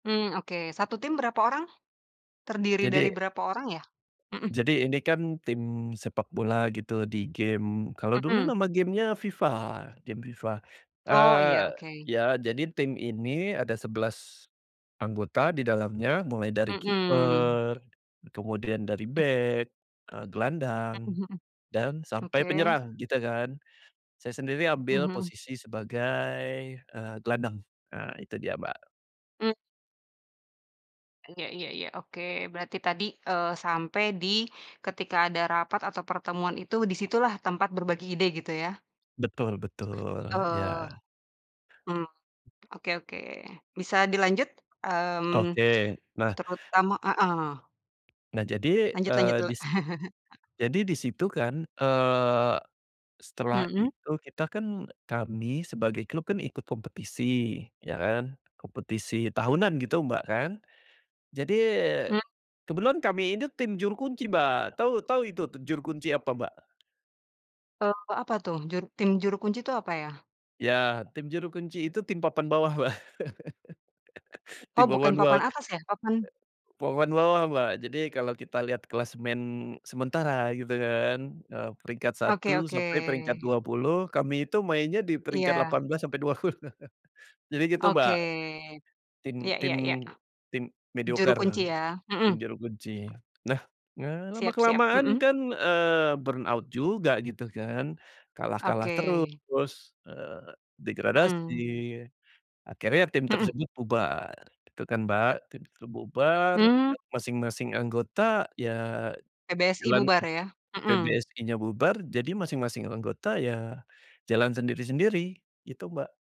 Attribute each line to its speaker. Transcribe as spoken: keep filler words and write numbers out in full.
Speaker 1: Mmm, oke, satu tim berapa orang? Terdiri dari
Speaker 2: Jadi
Speaker 1: berapa orang, ya? Mhm.
Speaker 2: Jadi ini kan tim sepak bola gitu, di gim kalau dulu
Speaker 1: Mhm.
Speaker 2: nama game-nya FIFA, game FIFA.
Speaker 1: Oh, iya,
Speaker 2: Eee,
Speaker 1: oke.
Speaker 2: ya jadi tim ini ada sebelas anggota di dalamnya, mulai dari
Speaker 1: Mhm.
Speaker 2: kiper, kemudian dari
Speaker 1: Hmm.
Speaker 2: bek, eee, gelandang
Speaker 1: Mhm mhm.
Speaker 2: dan sampai
Speaker 1: Oke.
Speaker 2: penyerang, gitu kan. Saya sendiri
Speaker 1: Mhm
Speaker 2: ambil
Speaker 1: mhm.
Speaker 2: posisi sebagai, eee, gelandang. Ah, itu dia, Mbak.
Speaker 1: Mmm. Iya iya iya, oke, berarti tadi, eee, sampai di ketika ada rapat atau pertemuan itu di situlah tempat berbagi ide, gitu ya?
Speaker 2: Betul betul,
Speaker 1: Eee.
Speaker 2: iya.
Speaker 1: Mmm, oke oke. Bisa dilanjut? Mmm,
Speaker 2: Oke, nah
Speaker 1: terutama heeh.
Speaker 2: Nah, jadi,
Speaker 1: Lanjut
Speaker 2: eee,
Speaker 1: lanjut dulu.
Speaker 2: dis jadi di situ kan, eee, setelah
Speaker 1: Mhm.
Speaker 2: itu kita kan, kami sebagai klub kan ikut kompetisi, ya kan, kompetisi tahunan, gitu, Mbak, kan. Jadi
Speaker 1: Mmm.
Speaker 2: kebetulan kami ini tim juru kunci Mbak, tahu tahu itu juru kunci apa, Mbak?
Speaker 1: Eee, apa tuh? Juru tim, juru kunci itu apa, ya?
Speaker 2: Ya, tim juru kunci itu tim papan bawah, Mbak. Tim
Speaker 1: Oh, bukan
Speaker 2: papan
Speaker 1: papan
Speaker 2: bawah.
Speaker 1: atas, ya? Papan
Speaker 2: Papan bawah, Mbak, jadi kalau kita lihat klasemen sementara, gitu kan, eee, peringkat
Speaker 1: Oke
Speaker 2: satu
Speaker 1: oke.
Speaker 2: sampai peringkat dua puluh kami itu mainnya di peringkat
Speaker 1: Iya.
Speaker 2: delapan belas sampai dua puluh. Jadi gitu,
Speaker 1: Oke.
Speaker 2: Mbak. Tim
Speaker 1: iya
Speaker 2: tim
Speaker 1: iya iya.
Speaker 2: tim
Speaker 1: Juru
Speaker 2: medioker,
Speaker 1: kunci, ya. Mhm.
Speaker 2: tim juru kunci. Nah, nga
Speaker 1: Siap siap,
Speaker 2: lama-kelamaan
Speaker 1: mhm.
Speaker 2: kan, eee, burnout juga, gitu kan, kalah-kalah
Speaker 1: Oke.
Speaker 2: terus, eee, degradasi,
Speaker 1: Hmm.
Speaker 2: akhirnya tim
Speaker 1: Mhm.
Speaker 2: tersebut bubar, gitu kan, Mbak. Tim tuh bubar,
Speaker 1: Mmm.
Speaker 2: eee, masing-masing anggota ya
Speaker 1: PBSI
Speaker 2: jalan
Speaker 1: bubar, ya. Mhm.
Speaker 2: PBSI-nya bubar jadi masing-masing anggota ya jalan sendiri-sendiri, gitu, Mbak.